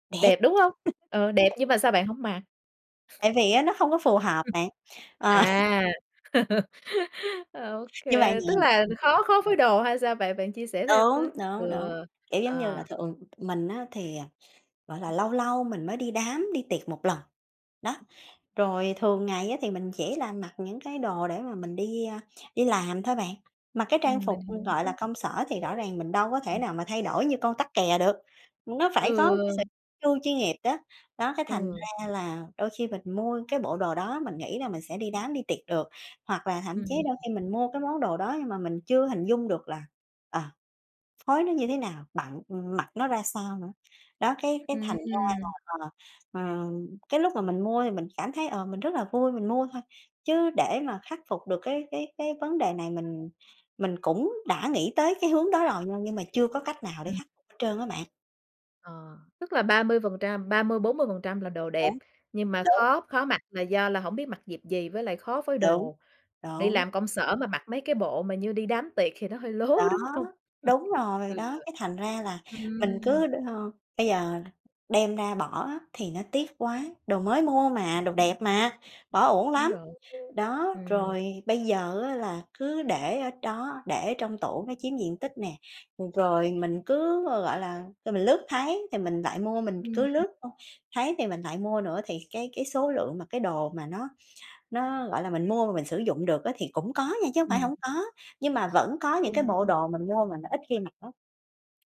Đẹp! Đẹp, đúng hông? Ừ, đẹp nhưng mà sao bạn hổng mặc? Tại vì á nó không có phù hợp Ừm, bạn. Ờ. à. OK, Như vậy nè, tức là ừm. khó khó phối đồ hay sao bạn? Bạn chia sẻ thêm Đúng, với! Ừ, đúng, đúng. Kiểu giống như là, ờ. thường mình á, thì, à, gọi là, lâu lâu mình mới đi đám đi tiệc một lần. Đó, rồi thường ngày á, thì mình chỉ là mặc những cái đồ để mà mình đi, a, đi làm thôi bạn. Mặc cái trang Ừm, phục, mình ừm, gọi là, hiểu. công sở thì rõ ràng mình đâu có thể Ừm. nào mà thay đổi như con tắc kè được. Nó phải có cái sự Ừ. chu chuyên nghiệp đó. Đó, cái thành Ừ. ra là đôi khi mình mua cái bộ đồ đó, mình nghĩ là mình sẽ đi đám đi tiệc được. Hoặc là thậm chí Ừm. đôi khi mình mua cái món đồ đó nhưng mà mình chưa hình dung được là, ờ, phối nó như thế nào, bận ưm, mặc nó ra sao nữa. Đó, cái cái thành ra Ừm. là, ờ, ừm, cái lúc mà mình mua thì mình cảm thấy, ờ, mình rất là vui, mình mua thôi. Chứ để mà khắc phục được cái cái cái vấn đề này, mình mình cũng đã nghĩ tới cái hướng đó rồi nha, nhưng mà chưa có cách nào để [unintelligible] khắc trơn á bạn. Ờ, tức là ba mươi phần trăm ba mươi, 40% là đồ đẹp Đúng, nhưng mà đúng. khó khó mặc là do là hổng biết mặc dịp gì với lại khó phối Đúng, đồ. Đi đúng. làm công sở mà mặc mấy cái bộ mà như đi đám tiệc thì nó hơi lố, Đó, đúng hông? đúng rồi. Ừ, Đó, cái thành ra là mình cứ ừm. ơ, bây giờ đem ra bỏ á, thì nó tiếc quá. Đồ mới mua mà, đồ đẹp mà, bỏ uổng Đúng lắm. rồi, [unintelligible] Đó, ừm. rồi bây giờ á, là cứ để ở đó, để trong tủ nó chiếm diện tích nè. Rồi mình cứ, gọi là, rồi mình lướt thấy thì mình lại mua. Mình cứ [unintelligible] lướt thôi, thấy thì mình lại mua nữa, thì cái cái số lượng mà cái đồ mà nó nó, gọi là, mình mua mà mình sử dụng được á, thì cũng có nha chứ hông phải Ừm. hổng có, nhưng mà vẫn có Đúng những cái bộ rồi. đồ mình mua mà nó ít khi mặc lắm.